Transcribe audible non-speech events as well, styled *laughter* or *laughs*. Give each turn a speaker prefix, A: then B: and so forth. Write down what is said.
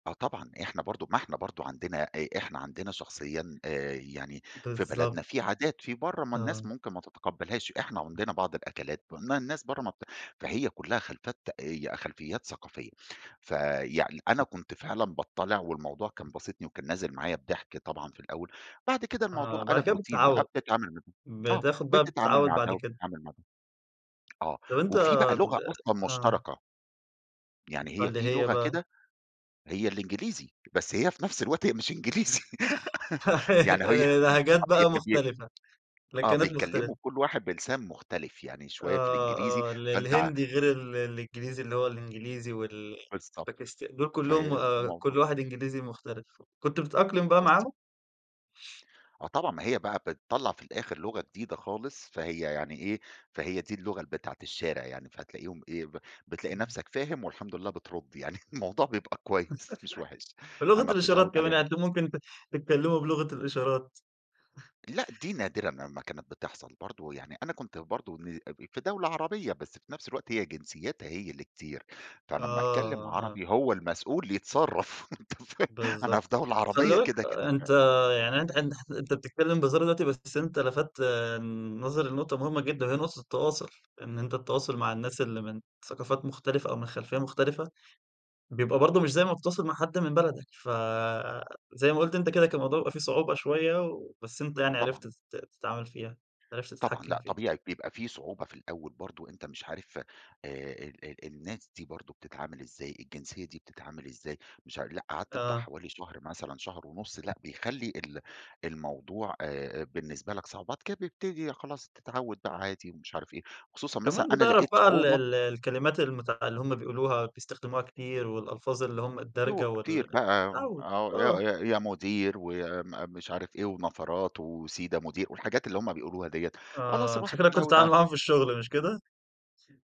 A: آه طبعًا إحنا برضو ما إحنا برضو عندنا آآ، إحنا عندنا شخصيًا آآ، يعني في
B: بالضبط.
A: بلدنا في عادات في برّه ما الناس
B: آه.
A: ممكن ما تتقبلهاش، إحنا عندنا بعض الأكلات الن الناس برّه ما بت فهي كلّها خلفات آآ، خلفيات ثقافية، فيعني أنا كنت فعلًا باضطّلع والموضوع كان باسطني وكان نازل معايا بضحك طبعًا في الأول، بعد كده الموضوع
B: آه، بعد
A: قَلَب
B: كده
A: routine بقى،
B: بتتعود،
A: بتتعامل مع آه
B: بتاخد بقى
A: بتتعامل
B: بتتعود
A: مع ده
B: بعد كده.
A: وبتتعامل مع ده آه
B: طب أنت
A: وفي بقى لغة
B: ب
A: أصلًا
B: آه.
A: مشتركة. يعني هي
B: واللي
A: في
B: هي
A: لغة
B: بقى؟
A: كده، هي الإنجليزي، بس هي في نفس الوقت هي مش إنجليزي، *laughs* يعني
B: *laughs*
A: هي،
B: لهجات بقى
A: *unintelligible*
B: مختلفة،
A: آه
B: لكنات
A: بيتكلّموا
B: مختلفة.
A: كل واحد بلسان مختلف، يعني شويّة في
B: آه
A: الإنجليزي،
B: آه، ال
A: فأنت ع
B: الهندي غير ال الإنجليزي اللي هو الإنجليزي
A: بالضبط،
B: والباكستا دول كلّهم
A: فهي
B: آآ، كل
A: *unintelligible*
B: واحد إنجليزي مختلف، كنت بتتأقلم بقى
A: *unintelligible*
B: معاهم؟
A: آه طبعًا ما هي بقى بتطلّع في الآخر لغة جديدة خالص، فهي يعني إيه، فهي دي اللغة ال بتاعة الشارع يعني، فتلاقيهم إيه ب بتلاقي
B: امم.
A: نَفسك فاهم والحمد لله بترد يعني، الموضوع بيبقى كويّس مش وحش،
B: *laughs* بلغة
A: أما بتتعود
B: الإشارات كمان،
A: عليها ب
B: يعني أنتم ممكن ت تتكلموا بلغة الإشارات. *chuckles*
A: لأ، دي نادرًا لمّا كانت بتحصل برضو يعني، أنا كنت برضو ن في دولة عربية بس في نَفس الوقت هي جنسياتها هي اللي كتير، فأنا امّا أتكلم
B: آه أه.
A: عربي هو المسؤول يتصرّف، أنت فا أنا
B: بالضبط،
A: في دولة
B: وخلّي
A: عربية
B: بالك
A: كده كده ف
B: أنت يعني أنت حت ح أنت بتتكلم بهزار دلوقتي، بس أنت لفتّ آمم، نظري لنقطة مهمة جدًا، وهي نقطة التواصل، إن أنت التواصل مع الناس اللي من ثقافات مختلفة أو من خلفية مختلفة، بيبقى برضو مش زي ما بتتواصل مع حد من بلدك، فزَي ما قُلت أنت كده كان الموضوع بيبقى فيه صعوبة شوية و بس أنت
A: آه
B: يعني عرفت
A: طبعًا.
B: تت تتعامل فيها، عرفت
A: طبعًا،
B: تتحكم
A: لأ
B: فيها.
A: طبيعي بيبقى في صعوبة في الأول برضو أنت مش عارف آآ، ال ال الناس دي برضو بتتعامل إزاي، الجنسية دي بتتعامل إزاي؟ مش ع لأ قعدت بتاع
B: آه.
A: حوالي شهر مثلًا شهر ونُص، لأ بيخلّي ال الموضوع آآ بالنسبة لك صعوبات ك بيبتدي خلاص تتعود بقى عادي مش عارف إيه، خصوصًا مثلًا
B: كمان
A: أنا
B: بتعرف
A: لقيت
B: بقى ال
A: صعوبة
B: ال الكلمات المُتع اللي هُم بيقولوها بيستخدموها كتير، والألفاظ اللي هُم الدارجة
A: يوه
B: وال
A: كتير بقى،
B: تتعود،
A: آه يا
B: آه.
A: يا يا مدير ويا م مش عارف إيه ونفرات وسيدا مدير، والحاجات اللي هُم بيقولوها ديّة، خلاص
B: آه، أنت
A: الواحد
B: شكلك كنت
A: اتعود
B: بتتعامل
A: ع
B: معاهم في الشغل مش كده؟ س